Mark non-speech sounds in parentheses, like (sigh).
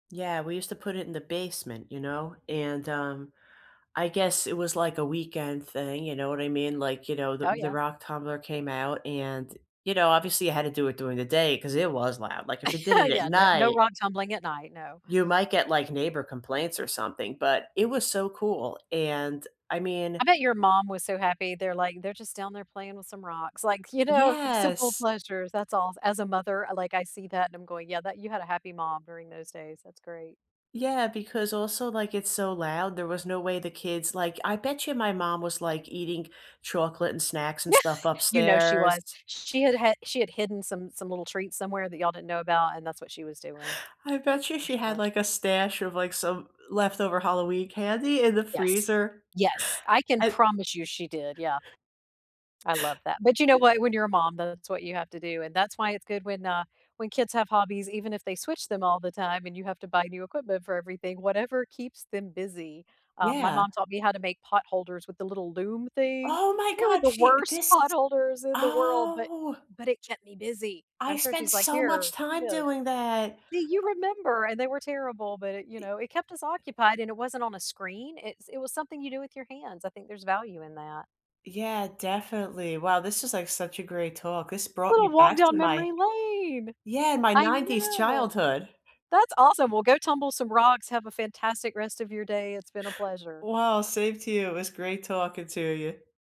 Yeah, we used to put it in the basement, you know, and, um, I guess it was, like, a weekend thing, you know what I mean, like, you know, the Oh, the yeah. rock tumbler came out and you know, obviously you had to do it during the day 'cause it was loud, like, if it did (laughs) it at Yeah, no no night rock tumbling at night, no. you might get, like, neighbor complaints or something, but it was so cool, and I mean I bet your mom was so happy there like, "They're just down there playing with some rocks, like, you know, simple Yes. pleasures, that's all." As a mother, like, I see that and I'm going, "Yeah, that" you had a happy mom during those days, that's great. Yeah, because also like, it's so loud there was no way the kids like I bet you my mom was, like, eating chocolate and snacks and Yeah, stuff you know she upstairs was. Sh she had had she had hidden some some little treats somewhere that y'all didn't know about, and that's what she was doing. I bet you For she had, sure. like, a stash of, like, some l leftover Halloween candy in the Yes. freezer. Yes, I can I promise you she did, yeah. I love that, but you know Y what, when you're a mom, that's what you have to do, and that's why it's good when, uh when kids have hobbies, even if they switch them all the time, and you have to buy new equipment for everything, whatever keeps them busy. Um, my Yeah. mom taught me how to make potholders with the little loom thing. Oh my They were god, the she worst this is potholders in the world, but Oh! but it kept me busy. And I I'm sure spent she's, like, so much "Here, do time this." doing that, See, you uh remember, and they were terrible, but it you E Eh know, it kept us occupied and it wasn't on a screen. It's it was something you do with your hands, I think there's value in that. Yeah, definitely, wow, this is, like, such a great talk, this brought Little me walk back down to my memory lane. yeah, my I '90s know. childhood. That's awesome, well go tumble some rocks, have a fantastic rest of your day, it's been a pleasure. Well, same to you, it was great talking to you.